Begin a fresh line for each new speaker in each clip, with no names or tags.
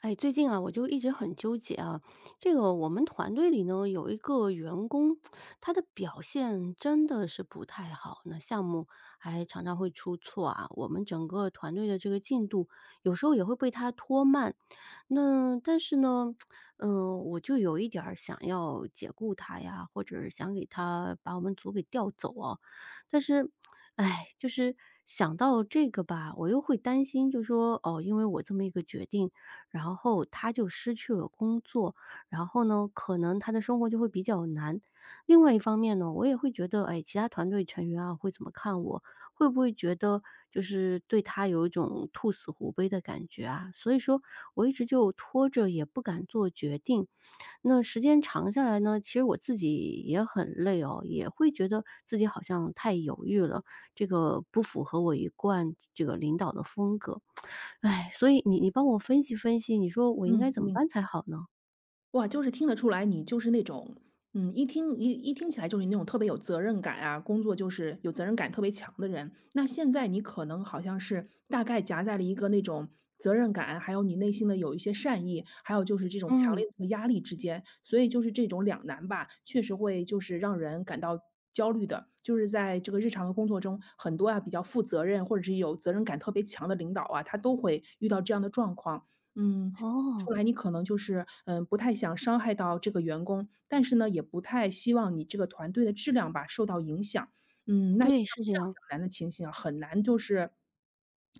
哎，最近啊，我就一直很纠结啊，这个我们团队里呢有一个员工，他的表现真的是不太好，那项目还常常会出错啊，我们整个团队的这个进度，有时候也会被他拖慢。那但是呢，呃，我就有一点儿想要解雇他呀，或者想给他把我们组给调走啊，但是，哎，就是想到这个吧，我又会担心就说，哦，因为我这么一个决定，然后他就失去了工作，然后呢，可能他的生活就会比较难。另外一方面呢，我也会觉得，哎，其他团队成员啊会怎么看我？会不会觉得就是对他有一种兔死狐悲的感觉啊，所以说我一直就拖着也不敢做决定。那时间长下来呢，其实我自己也很累哦，也会觉得自己好像太犹豫了，这个不符合我一贯这个领导的风格，哎，所以你你帮我分析分析，你说我应该
嗯，
怎么
明
办才好呢？
哇，就是听得出来，你就是那种，嗯，一听一一听起来就是那种特别有责任感啊，工作就是有责任感特别强的人。那现在你可能好像是大概夹在了一个那种责任感，还有你内心的有一些善意，还有就是这种强
嗯。
烈的压力之间。所以就是这种两难吧，确实会就是让人感到焦虑的。就是在这个日常的工作中，很多啊，比较负责任，或者是有责任感特别强的领导啊，他都会遇到这样的状况，嗯，出
哦。
来你可能就是，嗯，不太想伤害到这个员工，但是呢，也不太希望你这个团队的质量吧受到影响。嗯，那像
对，是这
这样
样。
两难的情形啊，很难就是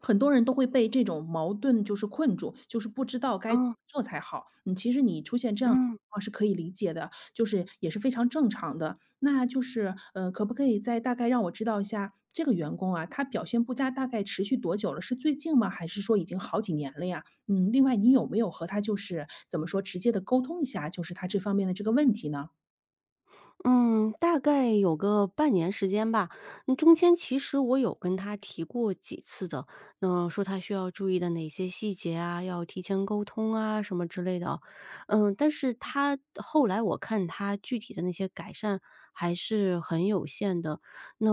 很多人都会被这种矛盾就是困住，就是不知道该怎么
嗯。
做才好。嗯，其实你出现这样的
嗯。
情况是可以理解的，就是，也是非常正常的。那就是，呃，可不可以再大概让我知道一下，这个员工啊，他表现不佳大概持续多久了？是最近吗？还是说已经好几年了呀？嗯，另外你有没有和他就是怎么说，直接地沟通一下，就是他这方面的这个问题呢？
嗯，大概有个半年时间吧。那中间其实我有跟他提过几次的，那么说他需要注意的哪些细节啊，要提前沟通啊什么之类的哦。呃，但是他后来我看他具体的那些改善还是很有限的，那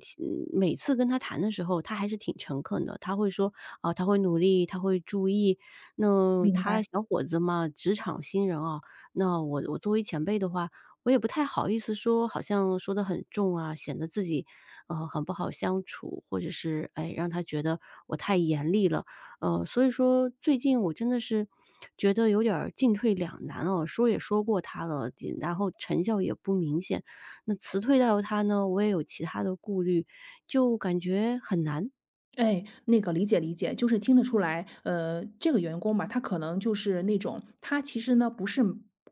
像每次跟他谈的时候，他还是挺诚恳的，他会说，啊，他会努力，他会注意。那
明
他
白。
小伙子嘛，职场新人啊，那我我作为前辈的话，我也不太好意思说，好像说得很重啊，显得自己，呃，很不好相处，或者是，哎，让他觉得我太严厉了。呃，所以说最近我真的是觉得有点儿进退两难啊，说也说过他了，呃，然后成效也不明显，那辞退到他呢，我也有其它的顾虑，就感觉很难。
哎，那个理解理解，就是听得出来，呃，这个员工吧，他可能就是那种他其实呢，不是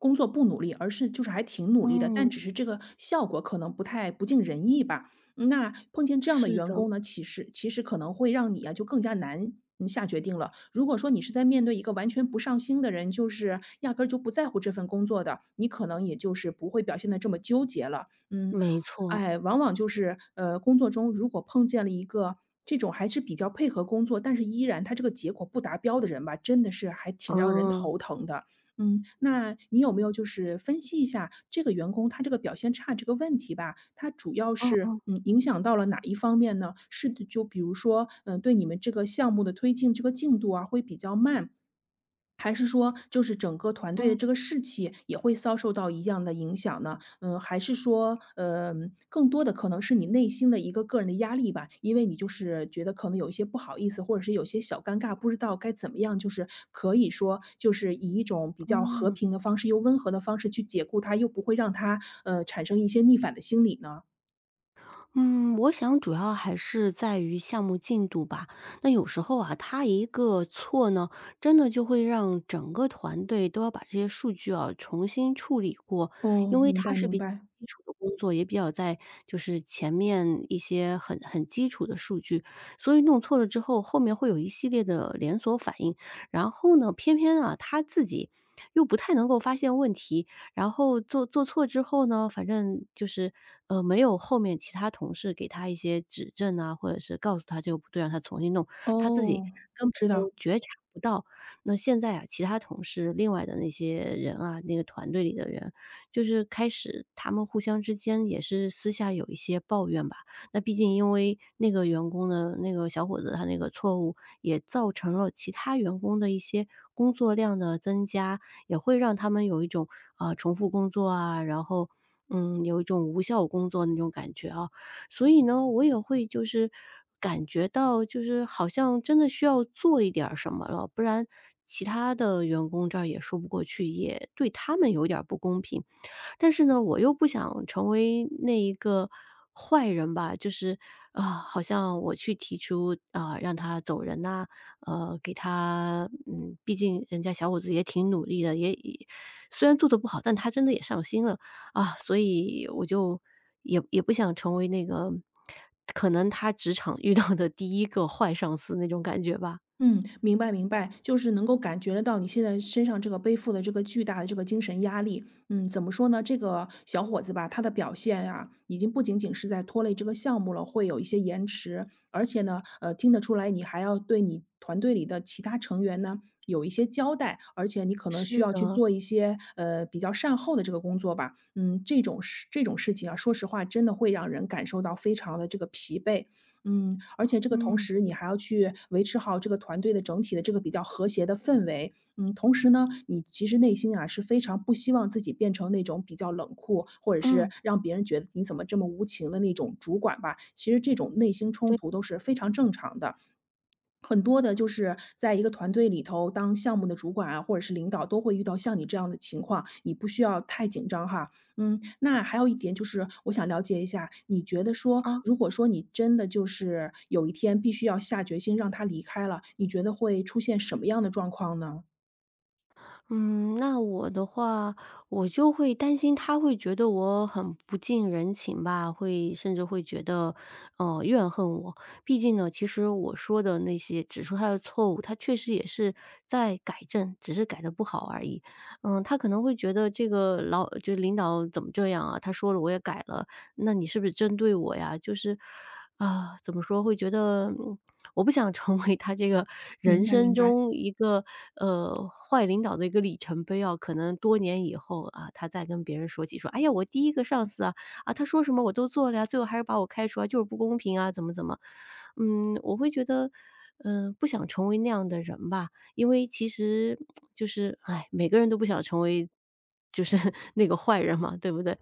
工作不努力，而是就是还挺努力的，但
嗯。
只是这个效果可能不太不尽人意吧。嗯，那碰见这样的
是
员
的。
工呢，其实其实可能会让你啊，就更加难，呃，下决定了。如果说你是在面对一个完全不上心的人，就是压根儿就不在乎这份工作的，你可能也就是不会表现得这么纠结了。嗯，
没错。
哎，往往就是，呃，工作中如果碰见了一个这种还是比较配合工作，但是依然他这个结果不达标的人吧，真的是还挺让人
哦。
头疼的。嗯，那你有没有就是分析一下这个员工他这个表现差这个问题吧，它主要
嗯，
是，
嗯。
呃，影响到了哪一方面呢？是就比如说，嗯，对你们这个项目的推进这个进度啊会比较慢？还是说就是整个团队的
嗯。
这个士气也会遭受到一样的影响呢？嗯，还是说，呃，更多的可能是你内心的一个个人的压力吧，因为你就是觉得可能有一些不好意思，或者是有一些小尴尬，不知道该怎么样，就是可以说就是以一种比较和
嗯。
平的方式，又温和的方式去解雇他，又不会让他，呃，产生一些逆反的心理呢？
嗯，我想主要还是在于项目进度吧，那有时候啊，他一个错呢，真的就会让整个团队都要把这些数据啊重新处理过。因
哦，
为
明
他
白
是
明
比较
白。
基础的工作，也比较在就是前面一些很很基础的数据，所以弄错了之后，后面会有一系列的连锁反应。然后呢，偏偏啊，他自己，又不太能够发现问题，然后做做错之后呢，反正就是，呃，没有后面其他同事给他一些指证呐，或者是告诉他这个不对，让他重新弄，他自己
哦，
根本
知道。
都觉察不到。那现在啊，其他同事另外的那些人啊那个团队里的人，就是开始他们互相之间，也是私下有一些抱怨吧。那毕竟因为那个员工呢那个小伙子他那个错误，也造成了其他员工的一些工作量的增加，也会让他们有一种，呃，重复工作啊，然后，嗯，有一种无效工作的那种感觉哦。所以呢，我也会就是感觉到，就是好像真的需要做一点儿什么了，不然其他的员工这儿也说不过去，也对他们有一点儿不公平。但是呢，我又不想成为那一个坏人吧就是，啊，好像我去提出，啊，让他走人呐，呃，给他嗯，毕竟人家小伙子也挺努力的，也已虽然做得不好，但他真的也上心了，啊，所以我就也也不想成为那个，可能他职场遇到的第一个坏上司那种感觉吧。
嗯，明白明白，就是能够感觉得到，你现在身上这个背负的这个巨大的这个精神压力，嗯，怎么说呢？这个小伙子吧，他的表现啊，已经不仅仅是在拖累这个项目了，会有一些延迟。而且呢，呃，听得出来你还要对你团队里的其他成员呢，有一些交代。而且你可能需
是
要去
的。
做一些，呃，比较善后的这个工作吧。嗯，这种事这种事情啊，说实话真的会让人感受到非常地这个疲惫。嗯，而且这个同
嗯。
时你还要去维持好这个团队的整体的这个比较和谐的氛围。嗯，同时呢，你其实内心啊，是非常不希望自己变成那种比较冷酷，或者是，
嗯。
让别人觉得你怎么这么无情的那种主管吧。其实这种内心冲
对。
突都是非常正常的。很多的就是在一个团队里头当项目的主管啊，或者是领导，都会遇到像你这样的情况，你不需要太紧张哈。嗯，那还有一点就是我想了解一下，你觉得说，
啊。
如果说你真的就是，有一天必须要下决心让他离开了，你觉得会出现什么样的状况呢？
嗯，那我的话，我就会担心他会觉得我很不近人情吧，会甚至会觉得，嗯，怨恨我。毕竟呢，其实我说的那些指出他的错误，他确实也是在改正，只是改得不好而已。嗯，他可能会觉得这个老就领导怎么这样啊？她说了我也改了，那你是不是针对我呀？就是啊，怎么说，会觉得我不想成为他这个人
明白
生
明白。
中一个，呃，坏领导的一个里程碑啊，可能多年以后，呃，他再跟别人说起说，哎呀，我第一个上司啊，啊，她说什么我都做了呀，最后还是把我开除了，就是不公平啊，怎么怎么。嗯，我会觉得，呃，不想成为那样的人吧，因为其实 就是，哎，每个人都不想成为就是那个坏人嘛，对不对？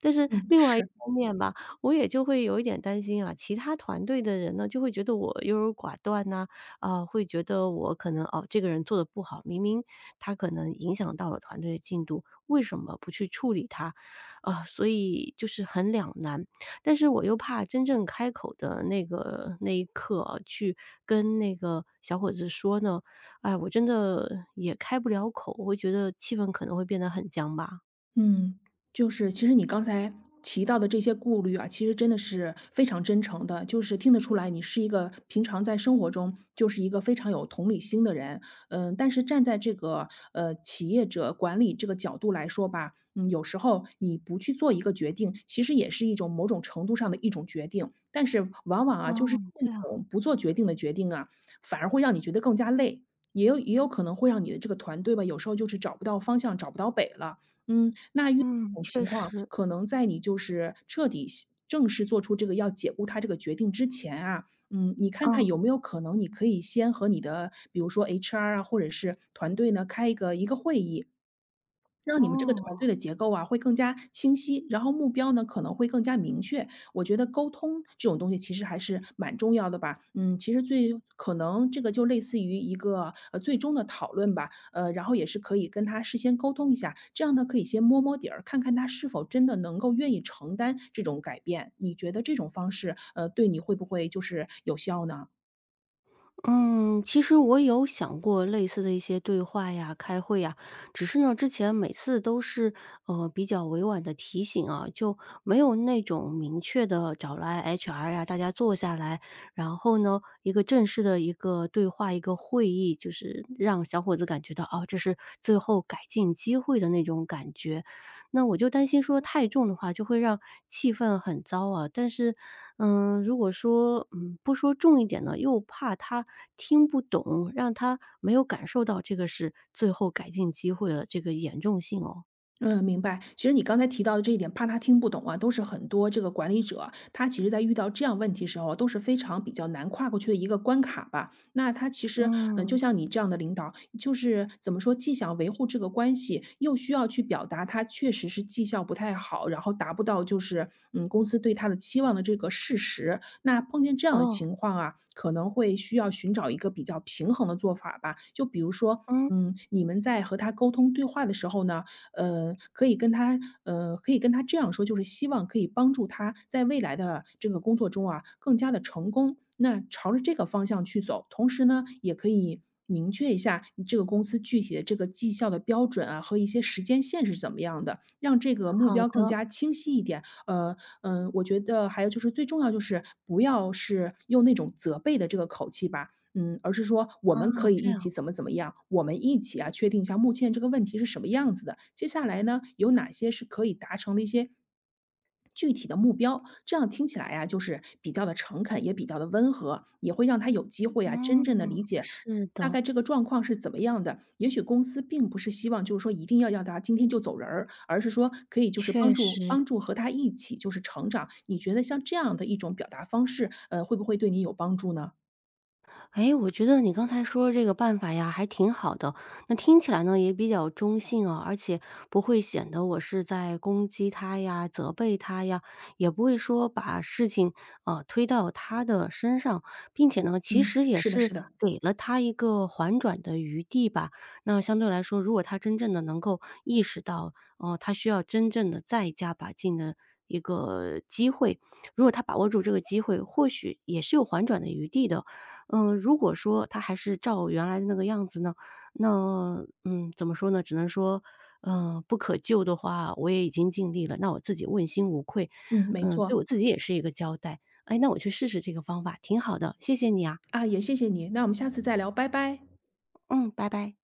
但是
嗯，
另外一
是。
方面吧，我也就会有一点担心啊，其他团队的人呢，就会觉得我优柔寡断呐，呃，会觉得我可能，哦，这个人做得不好，明明他可能影响到了团队的进度，为什么不去处理他？啊，所以就是很两难。但是我又怕真正开口的那个那一刻啊，去跟那个小伙子说呢，哎，我真的也开不了口，我会觉得气氛可能会变得很僵吧。
嗯，就是其实你刚才提到的这些顾虑啊，其实真的是非常真诚的。就是听得出来，你是一个平常在生活中，就是一个非常有同理心的人。嗯，但是站在这个，呃，企业者管理这个角度来说吧，嗯，有时候你不去做一个决定，其实也是一种某种程度上的一种决定。但是往往
哦，
啊，就是
这
这
样。
种不做决定的决定啊，反而会让你觉得更加累，也有也有可能会让你的这个团队吧，有时候就是找不到方向，找不到北了。嗯，那遇到
嗯，
这种
确
情况，
实。
可能在你就是彻底系正式做出这个要解雇他这个决定之前啊，嗯，你看看
哦。
有没有可能，你可以先和你的比如说 HR 啊，或者是团队呢，开一个一个会议，让你们这个团
哦。
队的结构啊，会更加清晰，然后目标呢，可能会更加明确。我觉得沟通这种东西其实还是蛮重要的吧。嗯，其实最可能这个就类似于一个，呃，最终的讨论吧。呃，然后也是可以跟他事先沟通一下，这样呢可以先摸摸底儿，看看他是否真的能够愿意承担这种改变，你觉得这种方式，呃，对你会不会就是有效呢？
嗯，其实我有想过类似的一些对话呀，开会呀，只是呢，之前每次都是，呃，比较委婉地提醒啊，就没有那种明确地找来 HR 啊，大家坐下来，然后呢，一个正式的一个对话、一个会议。就是让小伙子感觉到，哦，这是最后改进机会的那种感觉。那我就担心说太重的话，就会让气氛很糟啊，但是，嗯，如果说，嗯，不说重一点呢，又怕他听不懂，让他没有感受到这个是最后改进机会的这个严重性哦。
嗯，明白。其实你刚才提到的这一点怕他听不懂啊，都是很多这个管理者，他其实在遇到这样问题的时候，都是非常比较难跨过去的一个关卡吧。那他其实，呃，就
嗯。
像你这样的领导，就是怎么说，既想维护这个关系，又需要去表达他确实是绩效不太好，然后达不到就是，嗯，公司对他的期望的这个事实。那碰见这样的
哦。
情况啊，可能会需要寻找一个比较平衡的做法吧。就比如说，
嗯。
嗯，你们在和他沟通对话的时候呢，呃，可以跟他，呃，可以跟他这样说，就是希望可以帮助他在未来的这个工作中啊，更加地成功，那朝着这个方向去走。同时呢，也可以明确一下，你这个公司具体的这个绩效的标准啊，和一些时间线是怎么样的，让这个目
好
标更
的。
加清晰一点。呃，嗯，我觉得还有就是最重要就是，不要是用那种责备的这个口气吧，嗯，而是说我
哦，
们可以
这
一
样。
起怎么怎么样，我们一起啊，确定一下目前这个问题是什么样子的，接下来呢，有哪些是可以达成的一些具体的目标。这样听起来啊，就是比较地诚恳，也比较地温和，也会让他有机会啊，真正地
嗯。
理解，
是
大
的。
概这个状况是怎么样的。也许公司并不是希望就是说一定要让他今天就走人儿，而是说可以就是帮
确
助
实。
帮助和他一起就是成长。你觉得像这样的一种表达方式，呃，会不会对你有帮助呢？
诶，我觉得你刚才说这个办法呀还挺好的，那听起来呢也比较中性啊，而且不会显得我是在攻击他呀、责备他呀，也不会说把事情，呃，推到他的身上，并且呢其
嗯，
实也
是的
是
是的。
给了他一个缓转的余地吧。那相对来说，如果他真正地能够意识到，呃，他需要真正地再加把劲的一个机会。如果他把握住这个机会，或许也是有缓转的余地的。嗯，如果说他还是照原来的那个样子呢，那，嗯，怎么说呢，只能说，呃，不可救的话，我也已经尽力了，那我自己问心无愧，
嗯，没
嗯，
错。
对我自己也是一个交代。哎，那我去试试这个方法，挺好的。谢谢你啊。
啊，也谢谢你，那我们下次再聊，拜拜。
嗯，拜拜。